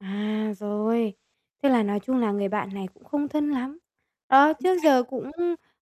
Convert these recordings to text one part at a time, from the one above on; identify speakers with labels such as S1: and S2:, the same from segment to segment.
S1: À, rồi, thế là nói chung là người bạn này cũng không thân lắm. Á,
S2: Chính
S1: trước
S2: xác.
S1: giờ cũng,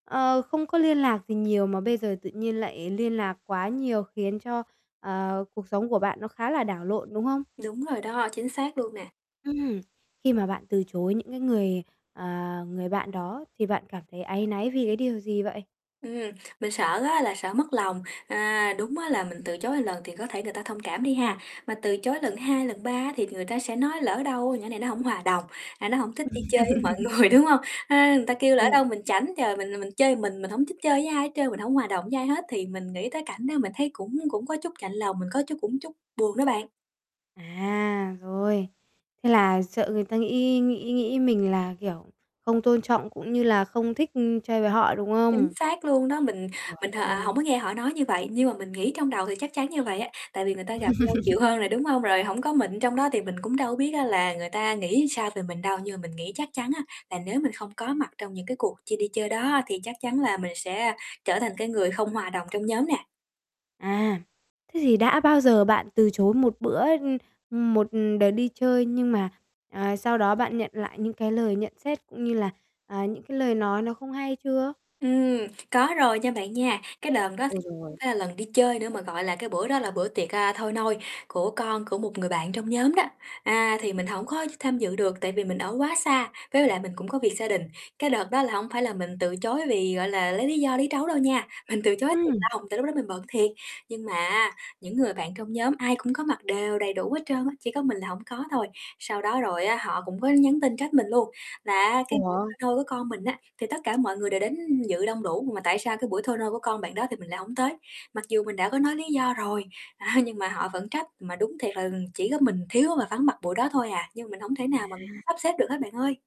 S1: ờ, không có liên lạc gì nhiều mà bây giờ tự nhiên lại liên lạc quá nhiều khiến cho, ờ, cuộc sống của bạn nó khá là đảo lộn, đúng không?
S2: Đúng rồi đó, chính xác luôn nè.
S1: Ừm. Khi mà bạn từ chối những cái người, à, người bạn đó thì bạn cảm thấy áy náy vì cái điều gì vậy?
S2: Ừm, mình sợ á là sợ mất lòng. À, đúng á là mình từ chối một lần thì có thể người ta thông cảm đi ha, mà từ chối lần 2, lần 3 á, thì người ta sẽ nói: "Lỡ đâu nhỏ này nó hổng hòa đồng, à, nó hổng thích đi chơi với mọi người", đúng hông? Ha, người ta kêu lỡ
S1: Ừm.
S2: đâu mình chảnh, trời, mình là mình chơi mình, mình hổng thích chơi với ai hết trơn, mình hổng hòa đồng với ai hết. Thì mình nghĩ tới cảnh đó mình thấy cũng cũng có chút chạnh lòng, mình có chút cũng chút buồn đó bạn.
S1: À, rồi, thế là sợ người ta nghĩ nghĩ nghĩ mình là, kiểu, không tôn trọng cũng như là không thích, ưm, chơi với họ, đúng
S2: Chính
S1: không?
S2: xác luôn đó, mình
S1: Giời
S2: mình h à, hổng
S1: ơi!
S2: có nghe họ nói như vậy, nhưng mà mình nghĩ trong đầu thì chắc chắn như vậy á. Tại vì người ta gặp nhau nhiều hơn rồi, đúng hông? Rồi hổng có mình trong đó thì mình cũng đâu có biết á là người ta nghĩ sao về mình đâu, nhưng mình nghĩ chắc chắn á, là nếu mình không có mặt trong những cái cuộc chi đi chơi đó á, thì chắc chắn là mình sẽ trở thành cái người không hòa đồng trong nhóm nè.
S1: À, thế thì đã bao giờ bạn từ chối một bữa ưm, ừm, một đợt đi chơi nhưng mà, à, sau đó bạn nhận lại những cái lời nhận xét cũng như là, à, những cái lời nói nó không hay chưa?
S2: Ừm, có rồi nha bạn nha, cái đờn đó hổng
S1: Ôi giời!
S2: phải là lần đi chơi nữa mà, gọi là, cái bữa đó là bữa tiệc, à, thôi nôi của con của một người bạn trong nhóm đó. À, thì mình hổng có tham dự được tại vì mình ở quá xa, với lại mình cũng có việc gia đình. Cái đợt đó là hổng phải là mình từ chối vì, gọi là, lấy lý do lý trấu đâu nha, mình từ chối thiệt
S1: Ừm.
S2: lòng, tại lúc đó mình bận thiệt. Nhưng mà á, những người bạn trong nhóm ai cũng có mặt đều đầy đủ hết trơn á, chỉ có mình là hổng có thôi. Sau đó rồi á, họ cũng có nhắn tin trách mình luôn là á, cái buổi thôi
S1: Ủa?
S2: nôi của con mình á, thì tất cả mọi người đều đến dự đông đủ, mà tại sao cái buổi thôi nôi của con bạn đó thì mình lại hổng tới. Mặc dù mình đã có nói lý do rồi, a, nhưng mà họ vẫn trách, mà đúng thiệt là chỉ có mình thiếu và vắng mặt buổi đó thôi à, nhưng mình hổng thể nào mà mình
S1: À.
S2: sắp xếp được hết bạn ơi.